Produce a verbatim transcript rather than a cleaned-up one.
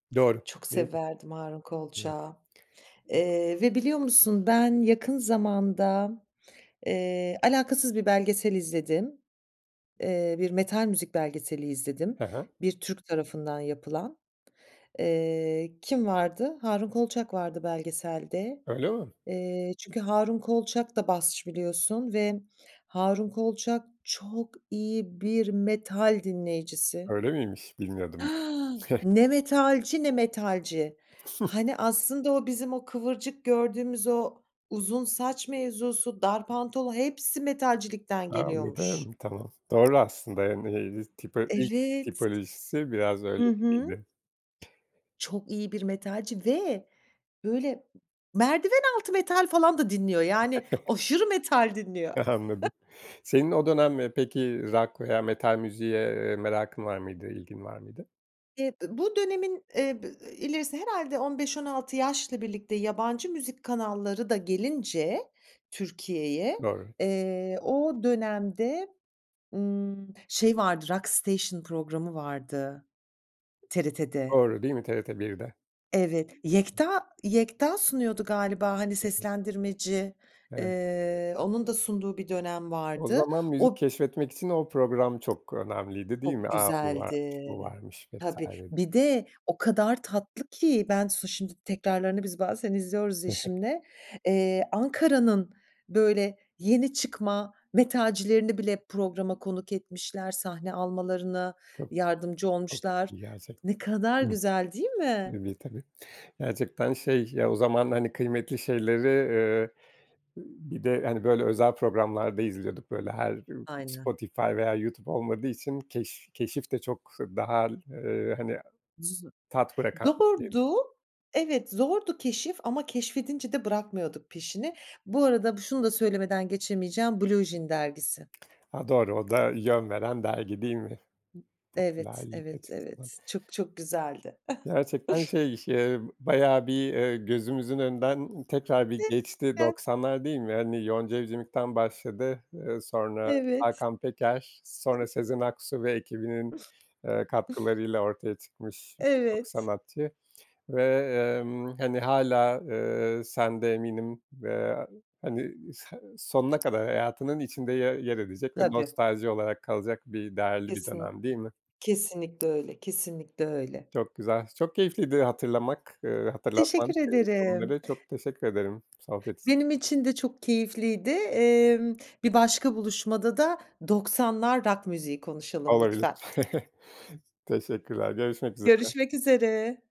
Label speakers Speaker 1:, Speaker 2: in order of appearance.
Speaker 1: Doğru,
Speaker 2: Çok
Speaker 1: değil
Speaker 2: severdim Harun
Speaker 1: mi?
Speaker 2: Kolçak'ı. Eee, ve biliyor musun, ben yakın zamanda, eee, alakasız bir belgesel izledim. Eee, bir metal müzik belgeseli izledim,
Speaker 1: Hı hı.
Speaker 2: bir Türk tarafından yapılan. Iıı, kim vardı? Harun Kolçak vardı belgeselde.
Speaker 1: Öyle mi?
Speaker 2: Eee, çünkü Harun Kolçak da basçı biliyorsun ve Harun Kolçak çok iyi bir metal dinleyicisi.
Speaker 1: Öyle miymiş? Bilmiyordum. [unintelligible]
Speaker 2: Ne metalci ne metalci. Hani aslında o bizim, o kıvırcık gördüğümüz o uzun saç mevzusu, dar pantolon hepsi metalcilikten
Speaker 1: A
Speaker 2: geliyormuş.
Speaker 1: anladım. Tamam. Doğru, aslında yani, eee, tipo ilk
Speaker 2: Evet.
Speaker 1: tipolojisi biraz
Speaker 2: Hı
Speaker 1: öyle
Speaker 2: hı.
Speaker 1: gibiydi.
Speaker 2: Çok iyi bir metalci. Ve böyle merdiven altı metal falan da dinliyor, yani aşırı metal dinliyor.
Speaker 1: Anladım. Senin o dönem, eee, peki rock veya metal müziğe, eee, merakın var mıydı? İlgin var mıydı?
Speaker 2: E ı bu dönemin e b eee, ilerisi herhâlde on beş on altı yaşla birlikte yabancı müzik kanalları da gelince Türkiye'ye,
Speaker 1: Doğru.
Speaker 2: eee, o dönemde, ımm, şey vardı, Rockstation programı vardı TRT'de.
Speaker 1: Doğru değil mi TRT 1'de?
Speaker 2: Evet, Yekta Yekta sunuyordu galiba hani seslendirmeci.
Speaker 1: Evet.
Speaker 2: Eee, onun da sunduğu bir dönem
Speaker 1: O
Speaker 2: vardı.
Speaker 1: zaman müzik
Speaker 2: O
Speaker 1: keşfetmek için o program çok önemliydi değil mi?
Speaker 2: Çok
Speaker 1: A! Bu varmış,
Speaker 2: güzeldi.
Speaker 1: bu varmış vs.
Speaker 2: Tabii. Bir de o kadar tatlı ki ben su şimdi tekrarlarını biz bazen izliyoruz
Speaker 1: Hı hı.
Speaker 2: eşimle. Eee, Ankara'nın böyle yeni çıkma metalcilerini bile programa konuk etmişler, sahne almalarına
Speaker 1: Çok,
Speaker 2: yardımcı
Speaker 1: çok
Speaker 2: olmuşlar.
Speaker 1: iyi gerçekten.
Speaker 2: Ne kadar güzel değil
Speaker 1: Ih.
Speaker 2: mi?
Speaker 1: [unintelligible] tabii. Gerçekten, şey, ya, o zaman, hani, kıymetli şeyleri, eee, ııı, bir de hani, böyle özel programlarda izliyorduk. Böyle her
Speaker 2: Aynen.
Speaker 1: Spotify veya YouTube olmadığı için keş keşif de çok daha, ııı, hani,
Speaker 2: Z
Speaker 1: tat bırakan diyeyim.
Speaker 2: zordu. Evet, zordu keşif ama keşfedince de bırakmıyorduk peşini. Bu arada b şunu da söylemeden geçemeyeceğim, Blue Jean Dergisi.
Speaker 1: Ha, doğru o da yön veren dergi değil mi? I
Speaker 2: Evet.
Speaker 1: popülerlik
Speaker 2: Evet,
Speaker 1: açısından.
Speaker 2: evet, çok, çok güzeldi.
Speaker 1: Gerçekten, şey, ş ııı, bayağı bir, ııı, gözümüzün önünden tekrar bir geçti
Speaker 2: [unintelligible]
Speaker 1: doksanlar değil mi? Hani, Yonca Evcimik'ten başladı. Iıı, sonra
Speaker 2: Evet.
Speaker 1: Hakan Peker, sonra Sezen Aksu ve ekibinin eee, katkılarıyla ortaya çıkmış birçok
Speaker 2: Evet.
Speaker 1: sanatçı. Ve, emm, hani, hâlâ, eee, sen de eminim, eee, hani, s sonuna kadar hayatının içinde ye yer edecek ve
Speaker 2: Tabii.
Speaker 1: nostalji olarak kalacak bir, değerli bir
Speaker 2: Kesin
Speaker 1: dönem değil mi?
Speaker 2: kesinlikle öyle, kesinlikle öyle.
Speaker 1: Çok güzel. Çok keyifliydi hatırlamak, ııı, hatırlatman,
Speaker 2: Teşekkür
Speaker 1: ııı,
Speaker 2: ederim.
Speaker 1: konuları çok teşekkür ederim, sohbet için.
Speaker 2: Benim için de çok keyifliydi. Emm, bir başka buluşmada da doksanlar rock müziği konuşalım
Speaker 1: Olabilir.
Speaker 2: lütfen.
Speaker 1: Teşekkürler, görüşmek üzere.
Speaker 2: Görüşmek üzere.